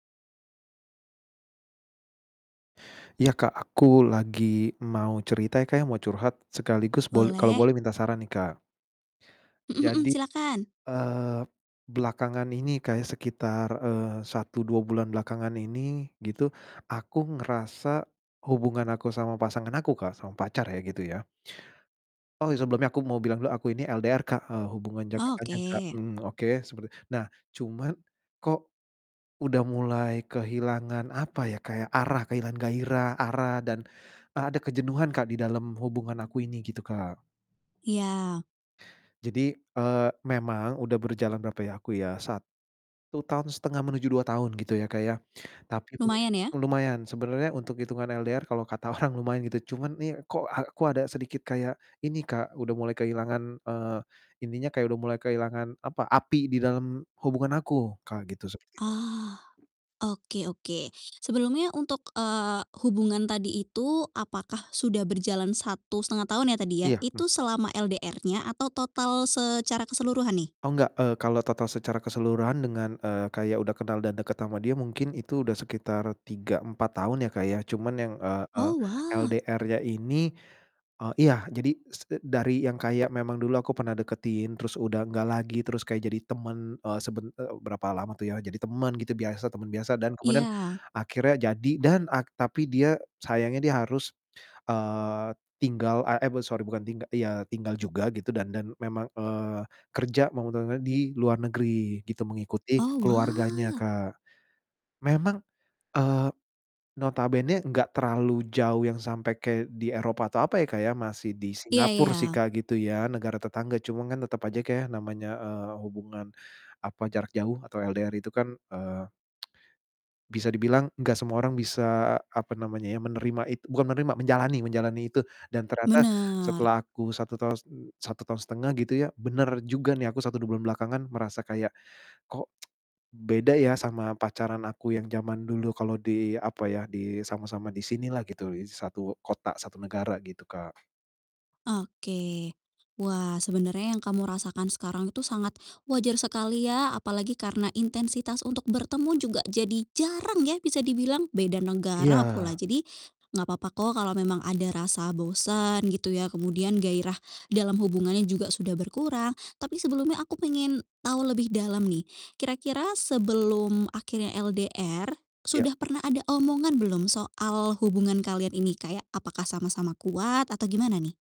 Ya, Kak, aku lagi mau cerita ya, Kak, ya, mau curhat sekaligus bol kalo Boleh. boleh minta saran nih, Kak. Mhm mhm. Jadi, Silakan. eee, belakangan ini, Kak ya, sekitar, eee, 1, 2 bulan belakangan ini, gitu, aku ngerasa hubungan aku sama pasangan aku, Kak, sama pacar ya gitu ya Oh, ya, sebelumnya aku mau bilang dulu aku ini LDR, Kak, eee, hubungan jangka panjang, Kak, Oke. mhm, oke, seperti nah, cuman kok udah mulai kehilangan, apa ya, kayak arah kehilangan gairah, arah dan e ada kejenuhan, Kak, di dalam hubungan aku ini gitu, Kak. Iya. Jadi, eee, memang udah berjalan berapa ya, aku ya, 1,5 tahun menuju 2 tahun gitu ya, Kak ya. Tapi itu Lumayan ya. m lumayan sebenernya untuk hitungan LDR kalau kata orang lumayan gitu, cuman nih kok aku ada sedikit kayak ini, Kak, udah mulai kehilangan, eee, ininya kayak udah mulai kehilangan, apa, api di dalam hubungan aku, Kak, gitu sepertinya. Oh, oke oke. Sebelumnya untuk, eee, hubungan tadi itu apakah sudah berjalan 1,5 tahun ya tadi ya? Iya, mmm. Itu selama LDR-nya atau total secara keseluruhan nih? Oh, gak, eee, kalau total secara keseluruhan dengan, eee, kayak udah kenal dan deket sama dia mungkin itu udah sekitar 3, 4 tahun ya, Kak, ya, cuman yang, eee eee, Oh, wah. LDR-nya ini eee, iya, jadi s e dari yang kaya memang dulu aku pernah deketin, terus udah gak lagi, terus kayak jadi temen, eee, seben ek berapa lama tuh ya, jadi temen gitu, biasa, temen biasa dan kemudian Iya. akhirnya jadi dan ak tapi dia sayangnya dia harus, eee, tinggal a eh, buat sorry, bukan tingga ya tinggal juga gitu dan dan memang, eee, kerja, mau [unintelligible] di luar negeri gitu, mengikuti Oh, keluarganya, wah. Kak. Memang, eee, notabene gak terlalu jauh yang sampai kayak di Eropa atau apa ya, Kak, ya, masih di Iya iya. Singapore sih, Kak, gitu ya, negara tetangga, cuman kan tetep aja, Kak, ya, namanya, eee, hubungan, apa, jarak jauh atau LDR itu kan, eee Bisa dibilang gak semua orang bisa, apa namanya ya, menerima it bukan menerima, menjalani menjalani itu dan ternyata Bener. setelah aku 1 tahus m 1,5 tahun gitu ya, bener juga nih, aku 1, 2 bulan belakangan merasa kayak, "Kok, beda ya sama pacaran aku yang jaman dulu, kalo di" apa ya, "disama-sama disini lah," gitu, lis satu kota satu negara gitu, Kak. Oke, wah, sebenarnya yang kamu rasakan sekarang itu sangat wajar sekali ya, apalagi karena intensitas untuk bertemu juga jadi jarang ya, bisa dibilang, beda negara Iya. pula. Jadi, enggak papa kok kalau memang ada rasa bosan, gitu ya, kemudian gairah dalam hubungannya juga sudah berkurang, tapi sebelumnya aku pengen tahu lebih dalam nih. Kira-kira sebelum akhirnya LDR, Iya. sudah pernah ada omongan belum, soal hubungan kalian ini kayak apakah sama-sama kuat atau gimana nih?